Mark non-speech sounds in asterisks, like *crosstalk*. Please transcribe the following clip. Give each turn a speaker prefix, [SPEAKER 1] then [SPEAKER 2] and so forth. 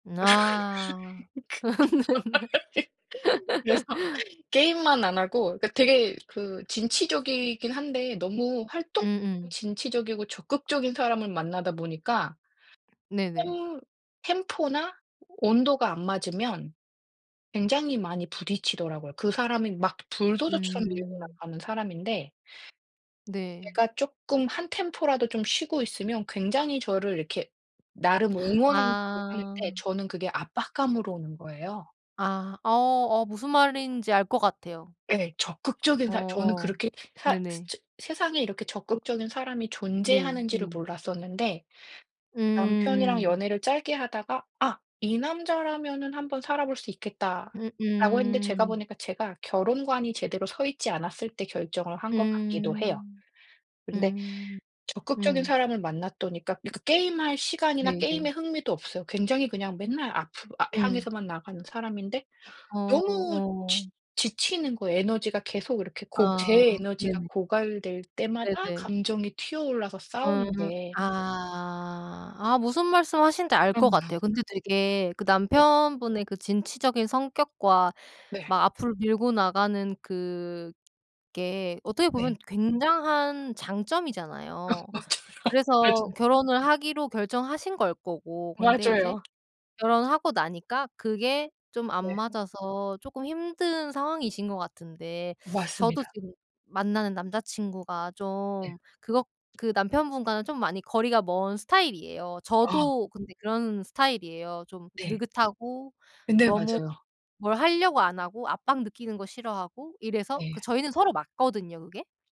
[SPEAKER 1] 아.
[SPEAKER 2] *laughs*
[SPEAKER 1] *laughs* 네네.
[SPEAKER 2] 그래서
[SPEAKER 1] *laughs*
[SPEAKER 2] 게임만 안 하고 그 되게 그 진취적이긴 한데 너무 활동
[SPEAKER 1] 음음.
[SPEAKER 2] 진취적이고 적극적인 사람을 만나다 보니까
[SPEAKER 1] 네네.
[SPEAKER 2] 템 템포나 온도가 안 맞으면 굉장히 많이 부딪히더라고요. 그 사람이 막 불도저처럼 밀고
[SPEAKER 1] 음.
[SPEAKER 2] 나가는 사람인데
[SPEAKER 1] 네.
[SPEAKER 2] 제가 쪼끔 한 템포라도 좀 쉬고 있으면 굉장히 저를 이렇게 나름 응원한다고 하는데
[SPEAKER 1] 아.
[SPEAKER 2] 저는 그게 압박감으로 오는 거예요.
[SPEAKER 1] 아. 어 어 무슨 말인지 알 것 같아요.
[SPEAKER 2] 예. 적극적인 사 저는
[SPEAKER 1] 어어
[SPEAKER 2] 그렇게 사 스
[SPEAKER 1] 네네.
[SPEAKER 2] 저 세상에 이렇게 적극적인 사람이
[SPEAKER 1] 네.
[SPEAKER 2] 존재하는지를
[SPEAKER 1] 음.
[SPEAKER 2] 몰랐었는데
[SPEAKER 1] 음
[SPEAKER 2] 남편이랑
[SPEAKER 1] 음.
[SPEAKER 2] 연애를 짧게 하다가 '아 이 남자라면은 한번 살아 볼 수
[SPEAKER 1] 음
[SPEAKER 2] 있겠다.'라고 했는데 제가
[SPEAKER 1] 음.
[SPEAKER 2] 보니까 제가 결혼관이 제대로 서 있지 않았을 때 결정을 한 것 같기도 해요.
[SPEAKER 1] 음.
[SPEAKER 2] 근데
[SPEAKER 1] 음.
[SPEAKER 2] 적극적인
[SPEAKER 1] 음.
[SPEAKER 2] 사람을 만났더니까 그 그 게임할 시간이나 게임에
[SPEAKER 1] 네네.
[SPEAKER 2] 흥미도 없어요. 굉장히 그냥 맨날 앞으로 앞
[SPEAKER 1] 응.
[SPEAKER 2] 향해서만 나가는 사람인데
[SPEAKER 1] 어 어
[SPEAKER 2] 너무 지
[SPEAKER 1] 어.
[SPEAKER 2] 지치는 거예요. 에너지가 계속 이렇게 고
[SPEAKER 1] 아
[SPEAKER 2] 제 에너지가
[SPEAKER 1] 네네.
[SPEAKER 2] 고갈될 때마다
[SPEAKER 1] 네네.
[SPEAKER 2] 감정이 튀어 올라서
[SPEAKER 1] 음.
[SPEAKER 2] 싸우는데
[SPEAKER 1] 아. 아 무슨 말씀 하시는지 알 것
[SPEAKER 2] 그럼요.
[SPEAKER 1] 같아요. 근데 되게 그
[SPEAKER 2] 네.
[SPEAKER 1] 남편분의 그 진취적인 성격과
[SPEAKER 2] 네.
[SPEAKER 1] 막 앞으로 밀고 나가는 그게 어떻게 보면
[SPEAKER 2] 네.
[SPEAKER 1] 굉장한
[SPEAKER 2] 어
[SPEAKER 1] 장점이잖아요.
[SPEAKER 2] 맞아요.
[SPEAKER 1] 그래서
[SPEAKER 2] 맞아요.
[SPEAKER 1] 결혼을 하기로 결정하신 걸 거고. 근데 이제
[SPEAKER 2] 맞아요.
[SPEAKER 1] 결혼하고 나니까 그게 좀 안
[SPEAKER 2] 네.
[SPEAKER 1] 맞아서 쪼끔 힘든 상황이신 것 같은데 저도
[SPEAKER 2] 맞습니다.
[SPEAKER 1] 지금 만나는 남자친구가
[SPEAKER 2] 네.
[SPEAKER 1] 좀 그것 그 남편분과는 좀 많이 거리가 먼 스타일이에요.
[SPEAKER 2] 아.
[SPEAKER 1] 저도 근데 그런 스타일이에요. 좀
[SPEAKER 2] 네.
[SPEAKER 1] 느긋하고
[SPEAKER 2] 네.
[SPEAKER 1] 너무
[SPEAKER 2] 맞아요.
[SPEAKER 1] 뭘 하려고 안 하고 압박 느끼는 거 싫어하고 이래서 그
[SPEAKER 2] 네.
[SPEAKER 1] 저희는 서로 맞거든요 그게.